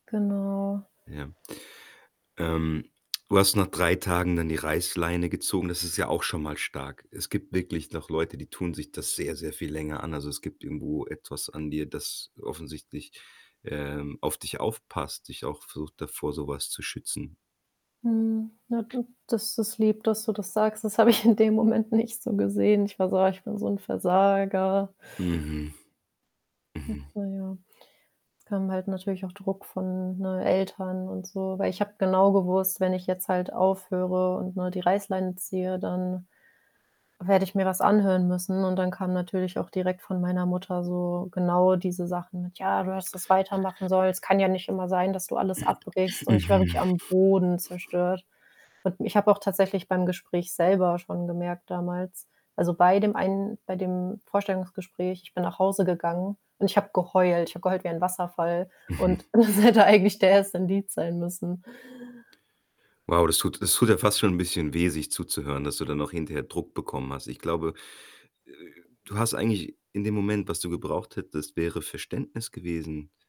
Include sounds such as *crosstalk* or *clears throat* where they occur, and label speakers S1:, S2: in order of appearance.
S1: Genau.
S2: Ja. Ähm, du hast nach 3 Tagen dann die Reißleine gezogen, das ist ja auch schon mal stark. Es gibt wirklich noch Leute, die tun sich das sehr, sehr viel länger an, also es gibt irgendwo etwas an dir, das offensichtlich, ähm, auf dich aufpasst, dich auch versucht da vor so was zu schützen.
S1: Mhm. Na, hm, das ist lieb, dass du das sagst, das habe ich in dem Moment nicht so gesehen. Ich war so: „Ah, ich bin so 'n Versager.”
S2: Mhm.
S1: Hm,
S2: Mhm.
S1: naja. Es kam halt natürlich auch Druck von, ne, Eltern und so, weil ich habe genau gewusst, wenn ich jetzt halt aufhöre und, ne, die Reißleine ziehe, dann werde ich mir was anhören müssen, und dann kam natürlich auch direkt von meiner Mutter so genau diese Sachen mit: „Ja, du hast das weitermachen sollen, es kann ja nicht immer sein, dass du alles abbrichst”,
S2: *clears throat*
S1: und ich war
S2: Mhm.
S1: wirklich am Boden zerstört. Hat mi ich habe auch tatsächlich beim Gespräch selber schon gemerkt damals, also bei dem einen bei dem Vorstellungsgespräch, ich bin nach Hause gegangen, und ich habe geheult, ich habe geheult wie ein Wasserfall
S2: Mhm
S1: und das hätte eigentlich der 1. Indiz sein müssen.
S2: Wow, das tut das tut ja fast schon bisschen weh, sich zuzuhören, dass du dann noch hinterher Druck bekommen hast. Ich glaube, äh äh äh, du hast eigentlich in dem Moment, was du gebraucht hättest, wäre Verständnis gewesen.